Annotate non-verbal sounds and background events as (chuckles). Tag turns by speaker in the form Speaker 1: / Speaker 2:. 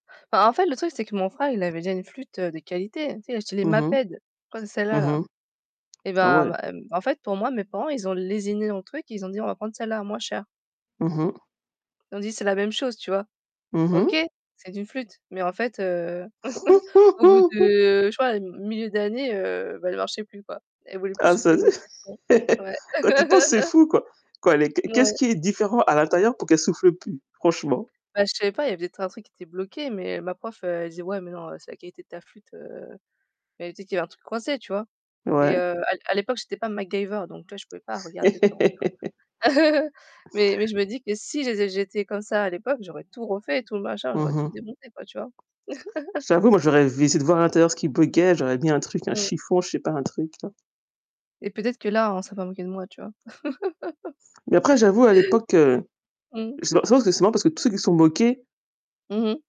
Speaker 1: Bah, en fait le truc c'est que mon frère, il avait déjà une flûte, heu, de qualité. Tu sais, il achetait les
Speaker 2: Mmh mh.
Speaker 1: Maped.
Speaker 2: Mmh
Speaker 1: Concelala.
Speaker 2: mh.
Speaker 1: Eh
Speaker 2: Ah
Speaker 1: bah,
Speaker 2: ouais!
Speaker 1: m m en fait pour moi, mes parents ils ont lésiné dans le truc. Ils ont dit: «On va prendre celle-là à moins cher».
Speaker 2: Mmh mh.
Speaker 1: Ils ont dit: «C'est la même chose», tu vois?
Speaker 2: Mmh
Speaker 1: OK,
Speaker 2: mh.
Speaker 1: c'est une flûte, mais en fait, heu, (chuckles) au bout
Speaker 2: (giggles)
Speaker 1: de, je crois, m milieu d'année, heu, bah elle marchait plus quoi. Elle voulait plus
Speaker 2: Ah, ça
Speaker 1: souffler, il y avait plus de son.
Speaker 2: c'est
Speaker 1: Ouais.
Speaker 2: (laughs) Quand t'y penses, c'est
Speaker 1: (laughs)
Speaker 2: fou, quoi. Quoi, elle est Que,
Speaker 1: Ouais.
Speaker 2: qu'est-ce qui est différent à l'intérieur pour qu'elle souffle plus, franchement?
Speaker 1: Bah, je savais pas, il y avait peut-être un truc qui était bloqué, mais ma prof, heu, elle disait: «Ouais, mais non, heu, c'est la qualité de ta flûte, heu». Elle dit qu'il y a un truc coincé, tu vois? Et
Speaker 2: Ouais.
Speaker 1: heu, à à l'époque, j'étais pas MacGyver, donc là, je pouvais pas regarder dedans,
Speaker 2: (laughs)
Speaker 1: tu vois? (chuckles) Mais mais je me dis que si j'ai-j'étais comme ça à l'époque, j'aurais tout refait et tout machin.
Speaker 2: Mmh
Speaker 1: J'aurais tout
Speaker 2: mh.
Speaker 1: démonté quoi, tu vois? (chuckles)
Speaker 2: J'avoue, moi j'aurais v essayé de voir à l'intérieur ce qui buggeait. j'aurais mis un truc, un
Speaker 1: Mmh mh.
Speaker 2: chiffon, je sais pas, un truc là.
Speaker 1: Et peut-être que là, on serait pas moqué de moi, tu vois? (chuckles)
Speaker 2: Mais après j'avoue à l'époque, heu
Speaker 1: Mmh.
Speaker 2: Je sais pas, je pense que c'est justement parce que tous ceux qui se sont moqués
Speaker 1: Mmh mh.